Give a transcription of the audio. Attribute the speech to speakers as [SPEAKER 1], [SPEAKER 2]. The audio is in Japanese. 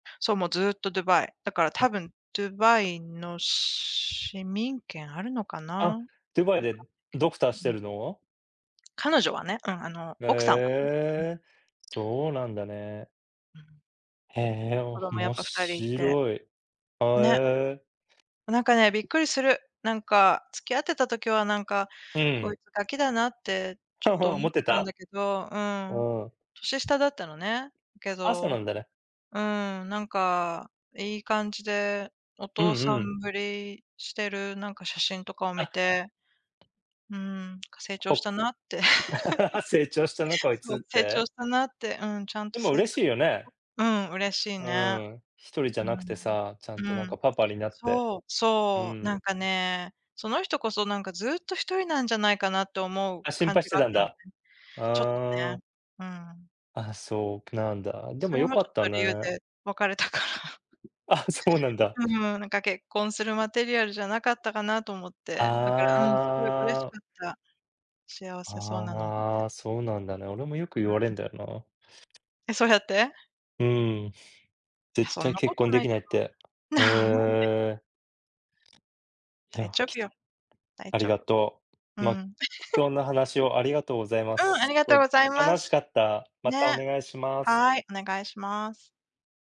[SPEAKER 1] そう、もうずっとドゥバイ。だから多
[SPEAKER 2] あ。
[SPEAKER 1] 分ドゥバイの市民権あるのかな。わか
[SPEAKER 2] あ、
[SPEAKER 1] んな
[SPEAKER 2] ドゥバイ
[SPEAKER 1] い
[SPEAKER 2] でドクターし
[SPEAKER 1] けど、
[SPEAKER 2] て
[SPEAKER 1] うん。
[SPEAKER 2] るの？
[SPEAKER 1] 彼女はね、うん、あの
[SPEAKER 2] へ
[SPEAKER 1] 奥さんはね。うん。
[SPEAKER 2] え、そうなんだね。
[SPEAKER 1] うん。
[SPEAKER 2] へえ、
[SPEAKER 1] 子供やっ
[SPEAKER 2] 面
[SPEAKER 1] ぱ2人いて、
[SPEAKER 2] 白い。は、
[SPEAKER 1] ね。
[SPEAKER 2] へえ。
[SPEAKER 1] なんかね、びっくりする。なんか、付き合ってた時は、なんか、
[SPEAKER 2] う
[SPEAKER 1] こ
[SPEAKER 2] ん。
[SPEAKER 1] いつガキだなって、ちょっと 思
[SPEAKER 2] 思
[SPEAKER 1] っ
[SPEAKER 2] って
[SPEAKER 1] てたん
[SPEAKER 2] た？
[SPEAKER 1] だけど、う
[SPEAKER 2] う
[SPEAKER 1] ーん。
[SPEAKER 2] ん。
[SPEAKER 1] 年下だったのね。だけ
[SPEAKER 2] あ、そな
[SPEAKER 1] ど
[SPEAKER 2] んだね。
[SPEAKER 1] うーん、なんか、いい感じでお
[SPEAKER 2] うん
[SPEAKER 1] 父さ
[SPEAKER 2] うん。
[SPEAKER 1] んぶりしてる、なんか、写真とかを見
[SPEAKER 2] あ。
[SPEAKER 1] て、うーん、か、成長し
[SPEAKER 2] お、
[SPEAKER 1] たなって。
[SPEAKER 2] 成長したな こい
[SPEAKER 1] そ
[SPEAKER 2] つ
[SPEAKER 1] う、
[SPEAKER 2] っ
[SPEAKER 1] 成長
[SPEAKER 2] て。
[SPEAKER 1] したなって、うん、ちゃん
[SPEAKER 2] で
[SPEAKER 1] と
[SPEAKER 2] も
[SPEAKER 1] 成長
[SPEAKER 2] 嬉しい
[SPEAKER 1] して
[SPEAKER 2] よね。
[SPEAKER 1] うん、嬉しい
[SPEAKER 2] う
[SPEAKER 1] ね。
[SPEAKER 2] ん、一人じゃなくてさ、ちゃ
[SPEAKER 1] う
[SPEAKER 2] ん
[SPEAKER 1] ん。
[SPEAKER 2] と、な
[SPEAKER 1] う
[SPEAKER 2] んか、
[SPEAKER 1] ん。
[SPEAKER 2] パパになって。
[SPEAKER 1] そう、
[SPEAKER 2] う
[SPEAKER 1] そ
[SPEAKER 2] ー
[SPEAKER 1] う、なん
[SPEAKER 2] ん。
[SPEAKER 1] かね、その人こそなんかずっと一人なんじゃないかなと思う
[SPEAKER 2] あ、心
[SPEAKER 1] 感
[SPEAKER 2] 配
[SPEAKER 1] じ
[SPEAKER 2] して
[SPEAKER 1] があっ
[SPEAKER 2] たん
[SPEAKER 1] たので。
[SPEAKER 2] だ。
[SPEAKER 1] ちょっと
[SPEAKER 2] あ
[SPEAKER 1] ね、
[SPEAKER 2] あ。
[SPEAKER 1] うん。
[SPEAKER 2] あ、そうなんだ。で
[SPEAKER 1] そ
[SPEAKER 2] も
[SPEAKER 1] れ
[SPEAKER 2] 良
[SPEAKER 1] も
[SPEAKER 2] か
[SPEAKER 1] ちょ
[SPEAKER 2] っ
[SPEAKER 1] っ
[SPEAKER 2] た
[SPEAKER 1] と理由
[SPEAKER 2] ね。
[SPEAKER 1] で別れたから。
[SPEAKER 2] あ、そうなんだ。
[SPEAKER 1] うん、なんか結婚するマテリアルじゃなかったかなと思って。だから、うん、すごい嬉し
[SPEAKER 2] ああ。
[SPEAKER 1] かった。幸せそうなの見て。
[SPEAKER 2] ああ、そうなんだね。俺もよく言
[SPEAKER 1] う
[SPEAKER 2] われ
[SPEAKER 1] ん。
[SPEAKER 2] んだよな。
[SPEAKER 1] え、そうやって？
[SPEAKER 2] うん。
[SPEAKER 1] いや、
[SPEAKER 2] 絶
[SPEAKER 1] そん
[SPEAKER 2] 対
[SPEAKER 1] な
[SPEAKER 2] 結
[SPEAKER 1] こと
[SPEAKER 2] 婚で
[SPEAKER 1] な
[SPEAKER 2] き
[SPEAKER 1] い
[SPEAKER 2] ない
[SPEAKER 1] と
[SPEAKER 2] っ
[SPEAKER 1] 思
[SPEAKER 2] て。
[SPEAKER 1] う。
[SPEAKER 2] へ
[SPEAKER 1] なんで。
[SPEAKER 2] え。い
[SPEAKER 1] 大
[SPEAKER 2] や、
[SPEAKER 1] 丈
[SPEAKER 2] き
[SPEAKER 1] 夫
[SPEAKER 2] ちょ
[SPEAKER 1] よ。大
[SPEAKER 2] あり
[SPEAKER 1] 丈
[SPEAKER 2] が
[SPEAKER 1] 夫。
[SPEAKER 2] と
[SPEAKER 1] う
[SPEAKER 2] う。まあ、
[SPEAKER 1] ん。
[SPEAKER 2] 貴重な話をありがとうございま
[SPEAKER 1] うん、あり
[SPEAKER 2] す。す
[SPEAKER 1] がと
[SPEAKER 2] ご
[SPEAKER 1] う
[SPEAKER 2] い
[SPEAKER 1] ございま
[SPEAKER 2] 楽し
[SPEAKER 1] す。
[SPEAKER 2] かった。またお
[SPEAKER 1] ね。
[SPEAKER 2] 願いします。
[SPEAKER 1] はい、お願いします。